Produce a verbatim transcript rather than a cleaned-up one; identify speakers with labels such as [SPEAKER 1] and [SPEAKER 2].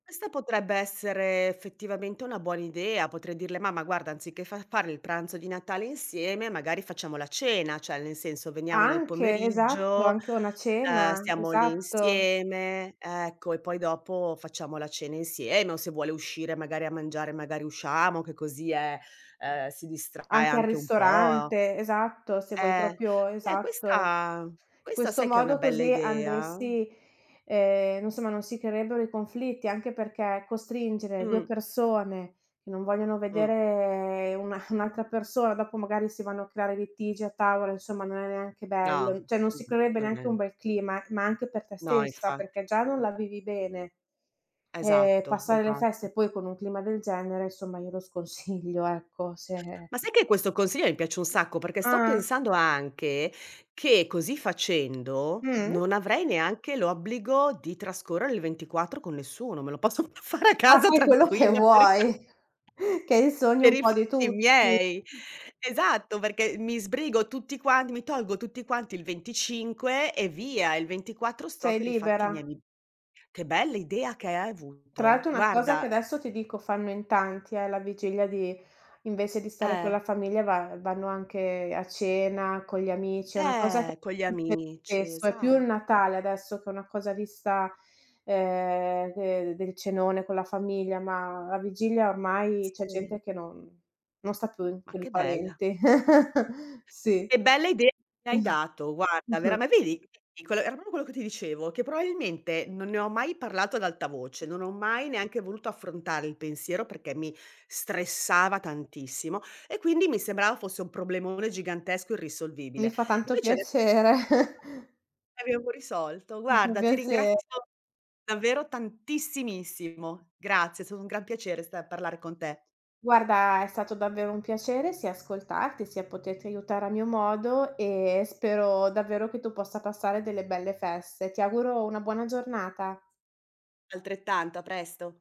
[SPEAKER 1] Questa potrebbe essere effettivamente una buona idea. Potrei dirle: "Mamma guarda anziché fa fare il pranzo di Natale insieme, magari facciamo la cena, ceh nel senso, veniamo nel
[SPEAKER 2] Anche, esatto,
[SPEAKER 1] pomeriggio,
[SPEAKER 2] anche una
[SPEAKER 1] ehm,
[SPEAKER 2] cena,
[SPEAKER 1] stiamo lì
[SPEAKER 2] esatto.
[SPEAKER 1] insieme, ecco, e poi dopo facciamo la cena insieme". O se vuole uscire magari a mangiare magari usciamo, che così eh, uhm, si distrae
[SPEAKER 2] Anche al
[SPEAKER 1] anche un po'.
[SPEAKER 2] ristorante, esatto, se vuoi
[SPEAKER 1] Eh.
[SPEAKER 2] propio
[SPEAKER 1] ceh
[SPEAKER 2] esatto.
[SPEAKER 1] questa questa
[SPEAKER 2] Questo
[SPEAKER 1] sai che è una
[SPEAKER 2] modo
[SPEAKER 1] bella
[SPEAKER 2] così
[SPEAKER 1] idea?
[SPEAKER 2] andresti ehm, insomma non si creerebbero i conflitti, anche perché, costringere due
[SPEAKER 1] Mh.
[SPEAKER 2] persone, che non vogliono
[SPEAKER 1] Mh.
[SPEAKER 2] vedere una un'altra persona, dopo magari si vanno a creare litigi a tavola, insomma non è neanche bello;
[SPEAKER 1] No,
[SPEAKER 2] mhmm, ceh non si
[SPEAKER 1] mhmm,
[SPEAKER 2] creerebbe
[SPEAKER 1] non
[SPEAKER 2] neanche un
[SPEAKER 1] è
[SPEAKER 2] bel clima, ma anche per te
[SPEAKER 1] No,
[SPEAKER 2] stessa,
[SPEAKER 1] infatti.
[SPEAKER 2] perché già non la vivi bene. Ehm,
[SPEAKER 1] Esatto,
[SPEAKER 2] passare le
[SPEAKER 1] esatto.
[SPEAKER 2] feste poi con un clima del genere, somma, io lo sconsiglio, ecco, se
[SPEAKER 1] Ma sai che questo consiglio mi piace un sacco, perché sto
[SPEAKER 2] Uhm.
[SPEAKER 1] pensando anche che così facendo,
[SPEAKER 2] Mh-mh.
[SPEAKER 1] non avrei neanche l'obbligo di trascorrere il ventiquattro con nessuno, me lo posso f fare a
[SPEAKER 2] Ah,
[SPEAKER 1] casa
[SPEAKER 2] fai quello che
[SPEAKER 1] tranquilla per i fa
[SPEAKER 2] vuoi, che è il sogno
[SPEAKER 1] per
[SPEAKER 2] un
[SPEAKER 1] i
[SPEAKER 2] po' di
[SPEAKER 1] fatti
[SPEAKER 2] tutti.
[SPEAKER 1] miei. Esatto, perché mi sbrigo tutti quanti, mi tolgo tutti quanti il venticinque e via, e il ventiquattro sto
[SPEAKER 2] Sei
[SPEAKER 1] per i fatti
[SPEAKER 2] libera.
[SPEAKER 1] miei. Che bell'idea che hai
[SPEAKER 2] Tra
[SPEAKER 1] avuto!
[SPEAKER 2] l'altro una cosa che
[SPEAKER 1] Guarda
[SPEAKER 2] adesso ti dico fanno in tanti è la vigilia di invece di stare con
[SPEAKER 1] Eh.
[SPEAKER 2] la famiglia va vanno anche a cena con gli amici, è una cosa c
[SPEAKER 1] Eh, con gli
[SPEAKER 2] [unintelligible]
[SPEAKER 1] amici,
[SPEAKER 2] spesso è più il
[SPEAKER 1] esatto.
[SPEAKER 2] Natale adesso che una cosa vista, ehm, de del cenone con la famiglia, ma la vigilia ormai, c'è
[SPEAKER 1] Sì.
[SPEAKER 2] gente che non non sta più
[SPEAKER 1] Ma
[SPEAKER 2] con i
[SPEAKER 1] che bella.
[SPEAKER 2] parenti. Sì.
[SPEAKER 1] Che bella idea hai dato, guarda,
[SPEAKER 2] Mh-mh.
[SPEAKER 1] verame ma vedi [unintelligible] era propro quello che ti dicevo, che proailmente non ne ho mai parlato ad alta voce, non ho mai neanche voluto affrontare il pensiero perché mi stressava tantissimo, e quindi mi sembrava fosse un problemone gigantesco,
[SPEAKER 2] Mi
[SPEAKER 1] irrisolvibile.
[SPEAKER 2] fa tanto
[SPEAKER 1] Invece ade [unintelligible]
[SPEAKER 2] piacere.
[SPEAKER 1] abbiamo risolto.
[SPEAKER 2] Mi fa
[SPEAKER 1] Guarda, ti
[SPEAKER 2] piacere.
[SPEAKER 1] ringrazio davvero tantissimissimo. Grazie, è stato un gran piacere sta parlare con te.
[SPEAKER 2] Guarda, è stato davvero un piacere sia ascoltarti, sia poterti aiutare a mio modo, e spero davvero che tu possa passare delle belle feste. Ti auguro una buona giornata.
[SPEAKER 1] Altrettanto, a presto.